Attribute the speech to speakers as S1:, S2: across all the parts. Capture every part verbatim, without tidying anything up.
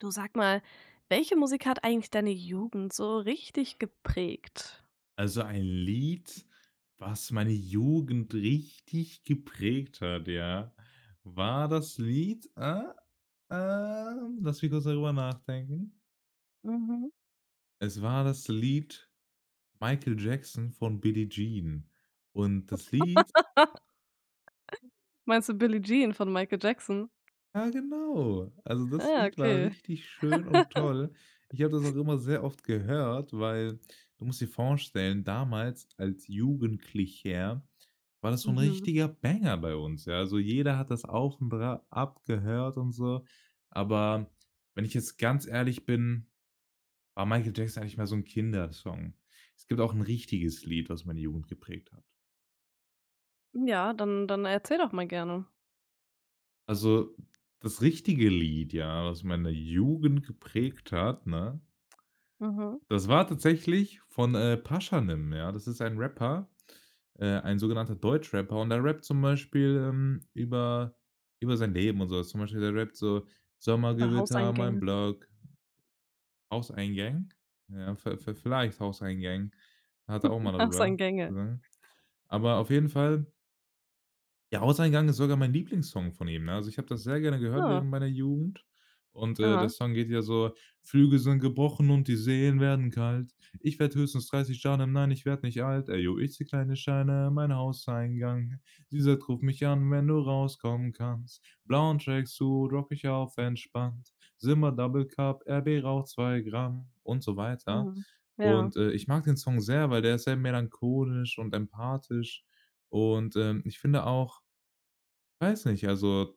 S1: Du sag mal, welche Musik hat eigentlich deine Jugend so richtig geprägt?
S2: Also ein Lied, was meine Jugend richtig geprägt hat, ja, war das Lied, äh, ähm, lass mich kurz darüber nachdenken.
S1: Mhm.
S2: Es war das Lied „Michael Jackson“ von „Billie Jean“. Und das Lied
S1: Meinst du „Billie Jean“ von “Michael Jackson“?
S2: Ja genau. Also, das
S1: Ah,
S2: Lied war
S1: okay.
S2: richtig schön und toll. Ich habe das auch immer sehr oft gehört, weil du musst dir vorstellen, damals als Jugendlicher war das so 'n
S1: Mhm.
S2: richtiger Banger bei uns, ja. Also jeder hat das auch bra abgehört und so. Aber wenn ich jetzt ganz ehrlich bin, war „Michael Jackson“ eigentlich mehr so 'n Kindersong. Es gibt auch 'n richtiges Lied, was meine Jugend geprägt hat.
S1: Ja, dann dann erzähl doch mal gerne.
S2: Also, das richtige Lied, ja, was meine Jugend geprägt hat, ne?
S1: Mhm.
S2: Das war tatsächlich von, äh, „Pashanim“, ja? Das ist ein Rapper äh, ein sogenannter Deutschrapper und der rappt zum Beispiel, ähm, über über sein Leben und so was. Zum Beispiel der rappt so:
S1: Über
S2: „Sommergewitter, mein
S1: Hauseingänge.
S2: Block. Hauseingang, ja. V-v vielleicht: Hauseingang. Hat er auch mal darüber
S1: Hauseingänge.
S2: gesungen. Aber auf jeden Fall Ja, „Hauseingang“ ist sogar mein Lieblingssong von ihm, ne? Also, ich habe das sehr gerne gehört
S1: Ah.
S2: während meiner Jugend und, äh, der
S1: Aha.
S2: Song geht ja so: „Flügel sind gebrochen und die Seen werden kalt. Ich werde höchstens dreißig Jahre, nein, ich werd nicht alt. Eyo, ich zähle kleine Scheine in mein Hauseingang. Sie sagt: ,Ruf mich an, wenn du rauskomm 'n kannst.' Blauen Tracksuit rocke ich auf entspannt, Symba Double-Cup, RB raucht zwei Gramm.“ Und so weiter.
S1: Mhm. Ja.
S2: Und, äh, ich mag den Song sehr, weil der ist sehr melancholisch und empathisch und, ähm, ich finde auch- weiß nicht- also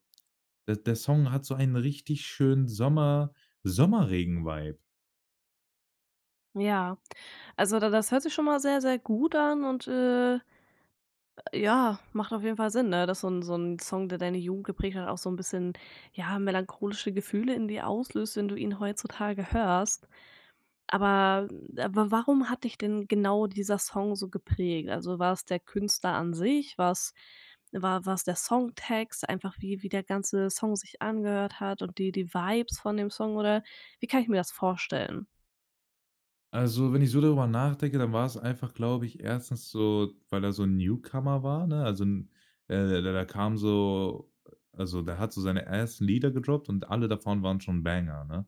S2: der der Song hat so einen richtig schönen Sommer Sommerregen-Vibe.
S1: Ja, also da das hört sich schon mal sehr, sehr gut an und, äh, ja, macht auf jeden Fall Sinn, ne, dass so 'n so 'n Song, der deine Jugend geprägt hat auch so 'n bisschen, ja, melancholische Gefühle in dir auslöst, wenn du ihn heutzutage hörst, aber aber wa warum hat dich denn genau dieser Song so geprägt? Also war 's der Künstler an sich, war 's war war 's der Songtext, einfach wie wie der ganze Song sich angehört hat und die die Vibes von dem Song oder wie kann ich mir das vorstellen?
S2: Also, wenn ich so darüber nachdenke, dann war 's einfach, glaube ich, erstens so, weil er so 'n Newcomer war, ne? Also 'n äh, da da kam so also der hat so seine [unintelligible] Lieder gedroppt und alle davon waren schon banger, ne?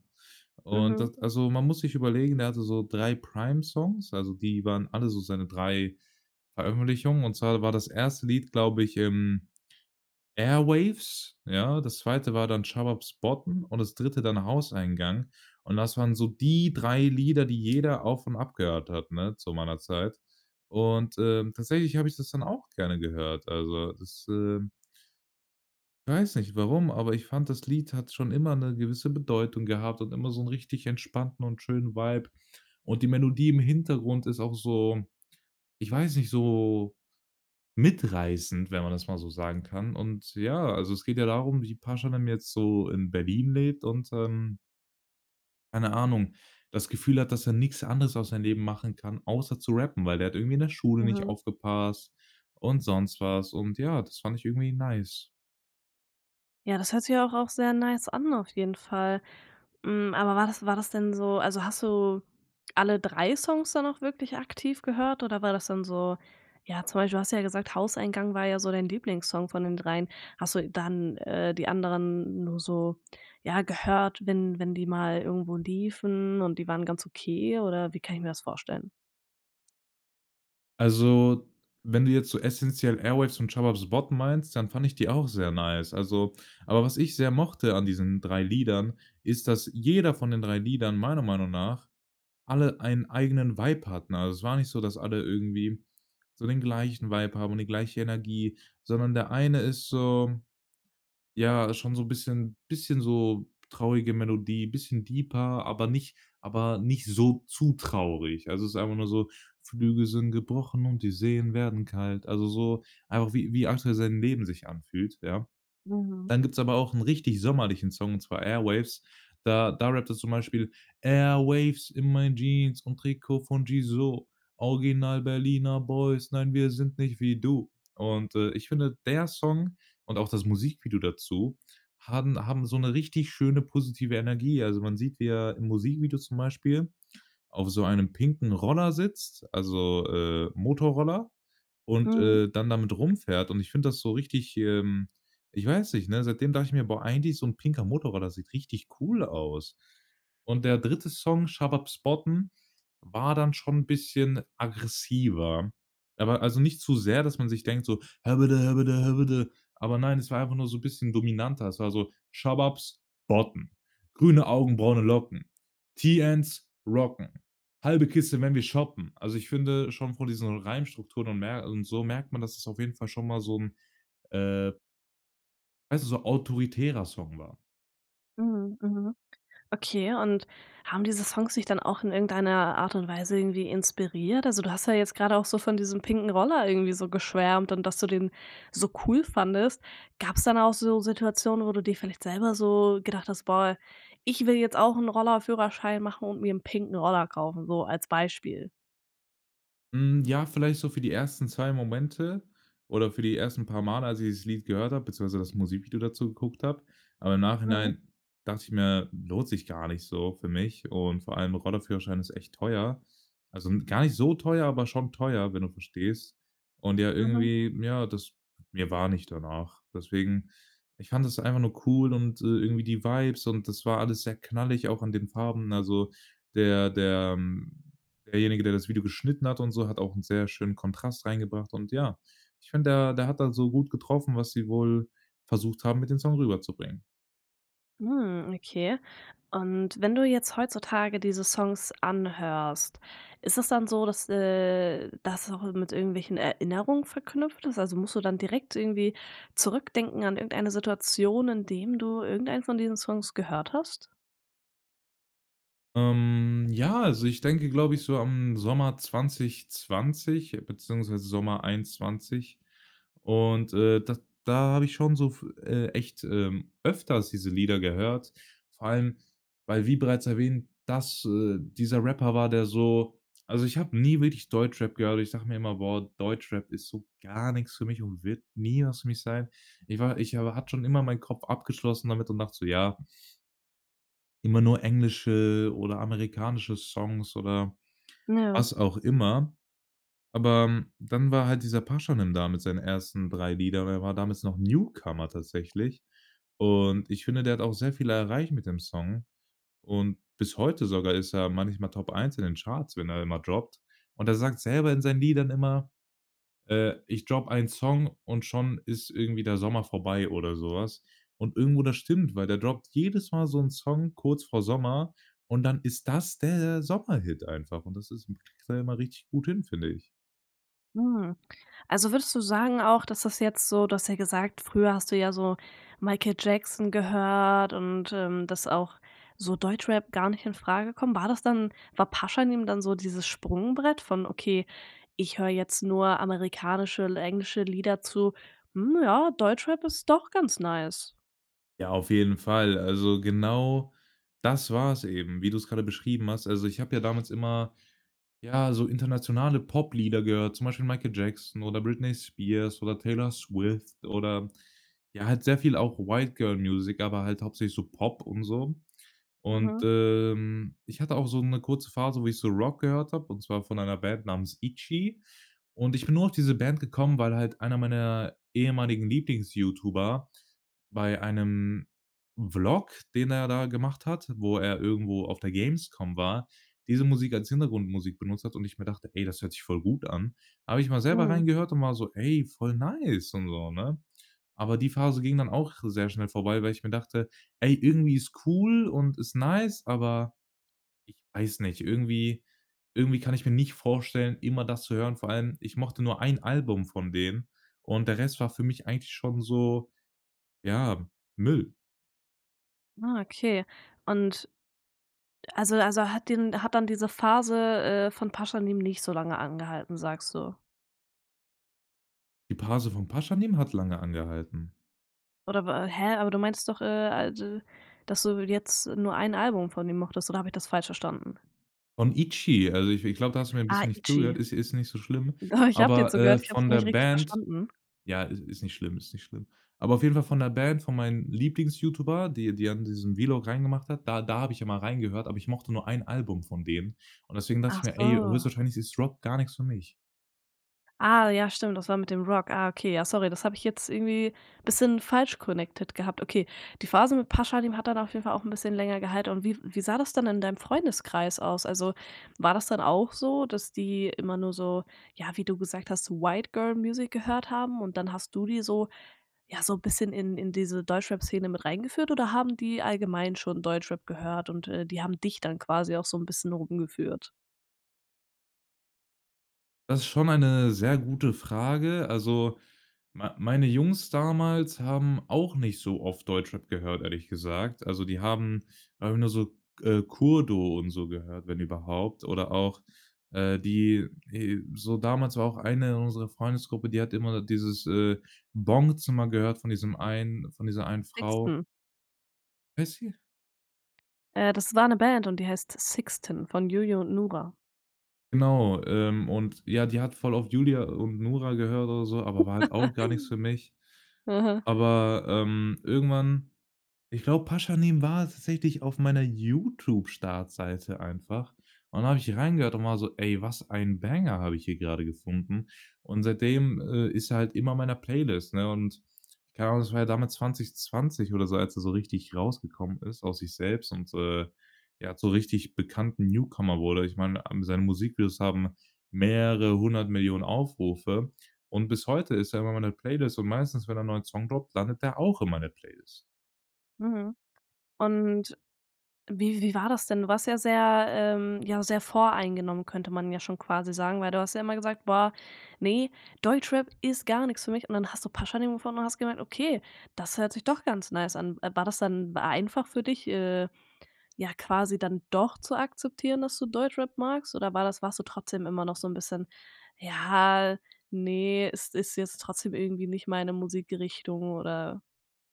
S2: Und
S1: Mhm.
S2: da also man muss sich überlegen, der hatte so drei Prime Songs, also die waren alle so seine drei Veröffentlichungen. Und zwar war das erste Lied, glaube ich, ähm, „Airwaves“, ja? Das zweite war dann „Shababs botten“ und das dritte dann „Hauseingang“. Und das waren so die drei Lieder, die jeder auf und abgehört hat, ne, zu meiner Zeit. Und, ähm, tatsächlich habe ich das dann auch gerne gehört. Also das, ähm weiß nicht, warum, aber ich fand, das Lied hat schon immer 'ne gewisse Bedeutung gehabt und immer so 'n richtig entspannten und schönen Vibe. Und die Melodie im Hintergrund ist auch so- ich weiß nicht- so mitreißend, wenn man das mal so sagen kann. Und ja, also es geht ja darum, wie „Pashanim“ jetzt so in Berlin lebt und, ähm keine Ahnung, das Gefühl hat, dass er nix anderes aus seinem Leben machen kann, außer zu rappen, weil er irgendwie in der Schule nicht
S1: Mhm.
S2: aufgepasst und sonst was. Und ja, das fand ich irgendwie nice.
S1: Ja, das hört sich ja auch auch sehr nice an auf jeden Fall, hm, aber war das war das denn so also hast du alle drei Songs da noch wirklich aktiv gehört oder war das dann so ja, zum Beispiel, du hast ja gesagt „Hauseingang“ war ja so dein Lieblingssong von den dreien. Hast du dann, äh, die anderen nur so, ja, gehört, wenn wenn die mal irgendwo liefen und die waren ganz okay oder wie kann ich mir das vorstellen?
S2: Also, wenn du jetzt so essenziell „Airwaves“ und „Shababs botten“ meinst, dann fand ich die auch sehr nice. Also aber was ich sehr mochte an diesen drei Liedern ist, dass jeder von den drei Liedern, meiner Meinung nach, alle einen eigenen Vibe hatten, also es war nicht so, dass alle irgendwie so den gleichen Vibe haben und die gleiche Energie, sondern der eine ist so, ja, schon so 'n bisschen bisschen so traurige Melodie, bisschen deeper, aber nicht aber nicht so zu traurig. Also, ist einfach nur so, „Flügel sind gebrochen und die Seen werden kalt.“ Also so, einfach wie wie Axel sein Leben sich anfühlt, ja?
S1: Mhm.
S2: Dann gibt's aber auch 'n richtig sommerlichen Song, und zwar „Airwaves“. Da da rappt er zum Beispiel „Airwaves in mein Jeans und Trikot von Gizo, Original Berliner Boys. Nein, wir sind nicht wie du.“ Und, äh, ich finde, der Song und auch das Musikvideo dazu haben haben so 'ne richtig schöne positive Energie. Also man sieht, wie er im Musikvideo zum Beispiel auf so einem pinken Roller sitzt, also, äh, Motorroller und,
S1: Mhm.
S2: äh, dann damit rumfährt. Und ich finde das so richtig, ähm ich weiß nicht, ne, seitdem dachte ich mir: „Boah, eigentlich so 'n pinker Motorroller sieht richtig cool aus.“ Und der dritte Song „Shababs botten“ war dann schon 'n bisschen aggressiver. Aber also nicht zu sehr, dass man sich denkt so „Häbbäddä häbbäddä häbbäddä“, aber nein, es war einfach nur so bisschen dominanter. Es war so: „Shababs botten. Grüne Augen, braune Locken. TNs Rocken. Halbe Kiste, wenn wir shoppen.“ Also, ich finde schon von diesen Reimstrukturen und mer und so merkt man, dass es auf jeden Fall schon mal so 'n, äh weißt du, so autoritärer Song war.
S1: Mhm, mhm. Okay und haben diese Songs dich dann auch in irgendeiner Art und Weise irgendwie inspiriert? Also, du hast ja jetzt gerade auch so von diesem pinken Roller irgendwie so geschwärmt und dass du den so cool fandest. Gab's dann auch so Situationen, wo du dir vielleicht selber so gedacht hast: „Boah, ich will jetzt auch 'n Roller-Führerschein machen und mir 'n pinken Roller kaufen,“ so als Beispiel?
S2: Hm, ja, vielleicht so für die ersten zwei Momente oder für die ersten paar Male, als ich dieses Lied gehört habe, beziehungsweise das Musikvideo dazu geguckt habe. Aber im
S1: Mhm.
S2: Nachhinein dachte ich mir, lohnt sich gar nicht so für mich und vor allem Roller-Führerschein ist echt teuer. Also 'n gar nicht so teuer, aber schon teuer, wenn du verstehst. Und ja
S1: Mhm.
S2: irgendwie, ja, das mir war nicht danach. Deswegen, ich fand es einfach nur cool und, äh, irgendwie die Vibes und das war alles sehr knallig auch an den Farben. Also, der der derjenige, der das Video geschnitten hat und so, hat auch 'n sehr schönen Kontrast reingebracht und ja. Ich finde, der der hat da so gut getroffen, was sie wohl versucht haben, mit den Song rüberzubringen.
S1: Mhm, okay und wenn du jetzt heutzutage diese Songs anhörst, ist das dann so, dass, äh, das auch mit irgendwelchen Erinnerungen verknüpft ist? Also musst du dann direkt irgendwie zurückdenken an irgendeine Situation, indem du irgendeinen von diesen Songs gehört hast?
S2: Ähm, ja, also ich denke, glaube ich, so am Sommer zwanzigzwanzig beziehungsweise Sommer einundzwanzig und, äh, d da habe ich schon so fü äh, echt, ähm, öfters diese Lieder gehört, vor allem weil wie bereits erwähnt, dass äh, dieser Rapper war der so also ich habe nie wirklich Deutschrap gehört. Ich sage mir immer: „Boah, Deutschrap ist so gar nix für mich und wird nie was für mich sein.“ Ich war ich aber hatte schon immer meinen Kopf abgeschlossen damit und dachte so: „Ja“ „immer nur englische oder amerikanische Songs“ oder
S1: Ja.
S2: was auch immer. Aber dann war halt dieser Pashanim da mit seinen ersten drei Lieder, er war damals noch Newcomer tatsächlich. Und ich finde, der hat auch sehr viel erreicht mit dem Song. Und bis heute sogar ist er manchmal Top eins in den Charts, wenn er dann mal droppt. Und er sagt selber in seinen Liedern immer: „Äh, ich drop einen Song und schon ist irgendwie der Sommer vorbei“ oder so was. Und irgendwo, das stimmt, weil der droppt jedes Mal so 'n Song kurz vor Sommer und dann ist das der Sommerhit einfach. Und das ist kriegt er immer richtig gut hin, finde ich.
S1: Mhm, also würdest du sagen auch, dass das jetzt so du hast ja gesagt früher hast du ja so Michael Jackson gehört und, ähm, dass auch so Deutschrap gar nicht infrage kommt, war das dann war Pashanim dann so dieses Sprungbrett von okay: „Ich höre jetzt nur amerikanische L englische Lieder“ zu: „Hm, ja, Deutschrap ist doch ganz nice“?
S2: Ja, auf jeden Fall. Also, genau das war's eben, wie du's grade beschrieben hast. Also, ich habe ja damals immer, ja, so internationale Poplieder gehört, zum Beispiel „Michael Jackson“ oder „Britney Spears“ oder „Taylor Swift“ oder ja, halt sehr viel auch White Girl Music, aber halt hauptsächlich so Pop und so. Und,
S1: Mhm.
S2: ähm, ich hatte auch so 'ne kurze Phase, wo ich so Rock gehört habe, und zwar von einer Band namens „ITCHY“. Und ich bin nur auf diese Band gekommen, weil halt einer meiner ehemaligen Lieblings-YouTuber bei einem Vlog, den er da gemacht hat, wo er irgendwo auf der Gamescom war, diese Musik als Hintergrundmusik benutzt hat und ich mir dachte: „Ey, das hört sich voll gut an.“ Da habe ich mal selber
S1: Mhm.
S2: reingehört und war so: „Ey, voll nice“ und so, ne? Aber die Phase ging dann auch sehr schnell vorbei, weil ich mir dachte: „Ey, irgendwie ist cool und ist nice, aber ich weiß nicht, irgendwie irgendwie kann ich mir nicht vorstellen, immer das zu hören.“ Vor allem, ich mochte nur ein Album von denen und der Rest war für mich eigentlich schon so, ja, Müll.
S1: Ah, okay und also also hat dir hat dann diese Phase, äh, von „Pashanim“ nicht so lange angehalten sagst du?
S2: Die Pase von „Pashanim“ hat lange angehalten.
S1: Oder wa hä, aber du meintest doch, äh, halt, dass du jetzt nur ein Album von dem mochtest oder habe ich das falsch verstanden?
S2: Von „ITCHY“. Also, ich ich glaube, da hast du mir 'n
S1: Ah,
S2: bisschen nicht zugehört.
S1: „ITCHY“.
S2: Ist ist nicht so schlimm.
S1: Doch, ich habe dir
S2: Aber, äh,
S1: zugehört, ich hab's
S2: von
S1: nur
S2: der
S1: nicht richtig
S2: Band
S1: verstanden.
S2: ja, i ist nicht schlimm, ist nicht schlimm. Aber auf jeden Fall von der Band, von meinen Lieblings-Youtuber, die die an diesen Vlog reingemacht hat, da da habe ich immer reingehört, aber ich mochte nur ein Album von denen. Und deswegen dacht ich
S1: Ach
S2: mir: „Ey,
S1: so.
S2: höchstwahrscheinlich ist Rock gar nix für mich“.
S1: Ah ja stimmt, das war mit dem Rock, ah okay, ja sorry, das hab ich jetzt irgendwie bisschen falsch connected gehabt okay. Die Phase mit Pashanim hat dann auf jeden Fall auch 'n bisschen länger gehalt und wie wie sah das dann in deinem Freundeskreis aus? Also war das dann auch so, dass die immer nur so ja wie du gesagt hast so White Girl Music gehört haben und dann hast du die so ja so 'n bisschen in in diese Deutschrap Szene mit reingeführt oder haben die allgemein schon Deutschrap gehört und, äh, die haben dich dann quasi auch so 'n bisschen rumgeführt?
S2: Das ist schon eine sehr gute Frage. Also, mei meine Jungs damals haben auch nicht so oft Deutschrap gehört, ehrlich gesagt. Also, die haben, einfach nur so, K äh, „Kurdo“ und so gehört, wenn überhaupt oder auch, äh, die, äh so damals war auch eine in unserer Freundesgruppe, die hat immer dieses, äh, „Bongzimmer“ gehört von diesem einen von dieser einen Frau.
S1: „SXTN“.
S2: [unintelligible]
S1: Äh, das war 'ne Band und die heißt „SXTN“ von Juju und Nura.
S2: Genau. Ähm, und ja, die hat voll auf Julja und Nura gehört oder so, aber war halt auch gar nix für mich.
S1: Mhm.
S2: Aber, ähm, irgendwann, ich glaube, „Pashanim“ war tatsächlich auf meiner Youtube-Startseite einfach. Und dann habe ich reingehört und war so: „Ey, was ein Banger habe ich hier gerade gefunden.“ Und seitdem, äh, ist er halt immer in meiner Playlist, ne, und keine Ahnung, das war ja damit zwanzigzwanzig oder so, als er so richtig rausgekommen ist aus sich selbst und, äh, ja, zum richtig bekannten Newcomer wurde. Ich meine, am seine Musikvideos haben mehrere Hundert Millionen Aufrufe und bis heute ist er in meiner Playlist und meistens, wenn er 'n neuen Song droppt, dann landet der auch in meiner Playlist.
S1: Mhm. Und wie wie war das denn? Du warst ja sehr ähm, ja sehr voreingenommen, könnte man ja schon quasi sagen, weil du hast ja immer gesagt: „Boah ne, Deutschrap ist gar nix für mich“ und dann hast du „Pashanim“ gefunden und hast gemerkt: „Okay, das hört sich doch ganz nice an.“ War das dann einfach für dich, äh, ja quasi dann doch zu akzeptieren, dass du Deutschrap magst oder war das warst du trotzdem immer noch so 'n bisschen, „ja, ne, es ist jetzt trotzdem irgendwie nicht meine Musikrichtung“ oder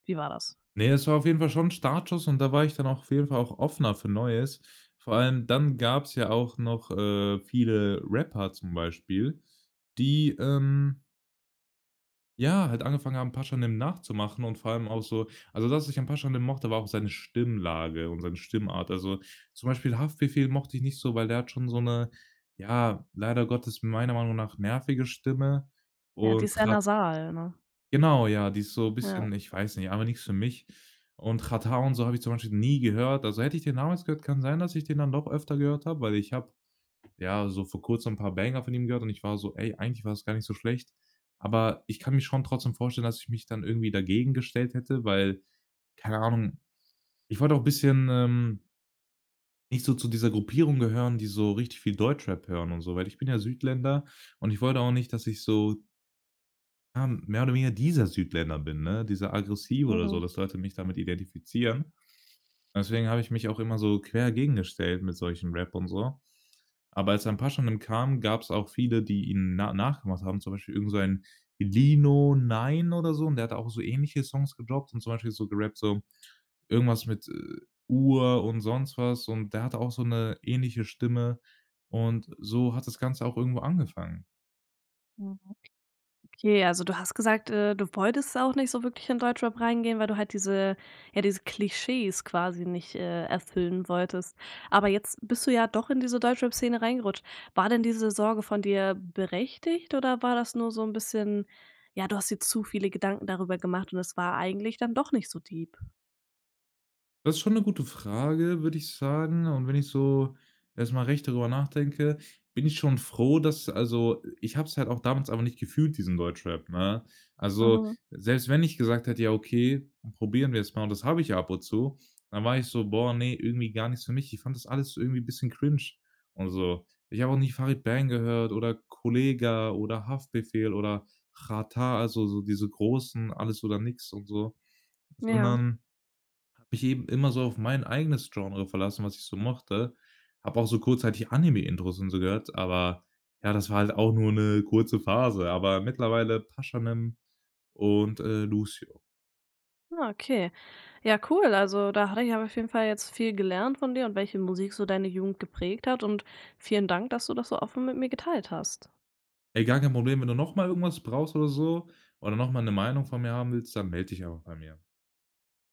S1: wie war das?
S2: Ne, es war auf jeden Fall schon 'n Startschuss und da war ich dann auch auf jeden Fall auch offener für Neues. Vor allem, dann gab's ja auch noch, äh, viele Rapper zum Beispiel, die, ähm ja, halt angefangen haben „Pashanim“ nachzumachen und vor allem auch so, also das ich an „Pashanim“ mochte, war auch seine Stimmlage und seine Stimmart. Also, zum Beispiel „Haftbefehl“ mochte ich nicht so, weil der hat schon so 'ne, ja, leider Gottes meiner Meinung nach nervige Stimme
S1: Ja, die
S2: und
S1: ist sehr
S2: hat
S1: nasal, ne?
S2: Genau, ja, die ist so
S1: Ja.
S2: bisschen, ich weiß nicht, einfach nix für mich. Und „Xatar“ und so habe ich zum Beispiel nie gehört. Also hätte ich den damals gehört, kann sein, dass ich den dann doch öfter gehört habe, weil ich habe, ja, so vor Kurzem 'n paar Banger von ihm gehört und ich war so: „Ey, eigentlich war das gar nicht so schlecht.“ Aber ich kann mir schon trotzdem vorstellen, dass ich mich dann irgendwie dagegen gestellt hätte, weil, keine Ahnung. Ich wollte auch bisschen, ähm nicht so zu dieser Gruppierung gehören, die so richtig viel Deutschrap hören und so, weil ich bin ja Südländer und ich wollte auch nicht, dass ich so ja, mehr oder weniger dieser Südländer bin, ne, dieser aggressive oder so,
S1: Mhm.
S2: dass Leute mich damit identifizieren. Deswegen habe ich mich auch immer so quer gegengestellt mit solchen Rap und so. Aber als dann „Pashanim“ kam, gab's auch viele, die ihn na nachgemacht haben, zum Beispiel irgend so ein „Lino Nine“ oder so und der hat auch so ähnliche Songs gedropped und zum Beispiel so gerappt so irgendwas mit, äh, Uhr und sonst was und der hat auch so 'ne ähnliche Stimme und so hat das Ganze auch irgendwo angefangen.
S1: Mhm. Okay, also du hast gesagt, äh, du wolltest auch nicht so wirklich in Deutschrap reingehen, weil du halt diese ja, diese Klischees quasi nicht, äh, erfüllen wolltest, aber jetzt bist du ja doch in diese Deutschrap-Szene reingerutscht. War denn diese Sorge von dir berechtigt oder war das nur so 'n bisschen ja, du hast dir zu viele Gedanken darüber gemacht und es war eigentlich dann doch nicht so deep?
S2: Das ist schon 'ne gute Frage, würde ich sagen. Und wenn ich so erst mal recht darüber nachdenke, bin ich schon froh, dass also, ich habe es halt auch damals aber nicht gefühlt, diesen Deutschrap, ne? Also,
S1: Mhm.
S2: selbst wenn ich gesagt hätte: „Ja okay, probieren wir's mal“ und das habe ich ab und zu, dann war ich so: „Boah, ne, irgendwie gar nichts für mich.“ Ich fand das alles irgendwie 'n bisschen cringe und so. Ich habe auch nicht „Farid Bang“ gehört oder „Kollegah“ oder „Haftbefehl“ oder „Xatar“, also so diese großen, alles oder nix und so.
S1: Ja.
S2: Sondern habe mich eben immer so auf mein eigenes Genre verlassen, was ich so mochte. Habe auch so kurzzeitig „Anime Intros“ und so gehört, aber ja, das war halt auch nur 'ne kurze Phase. Aber mittlerweile „Pashanim“ und, äh, „Lucio“.
S1: Ah, okay, ja cool, also da hatte ich aber auf jeden Fall jetzt viel gelernt von dir und welche Musik so deine Jugend geprägt hat und vielen Dank, dass du das so offen mit mir geteilt hast.
S2: Ey, gar kein Problem, wenn du noch mal irgendwas brauchst oder so oder noch mal 'ne Meinung von mir haben willst, dann meld dich einfach bei mir.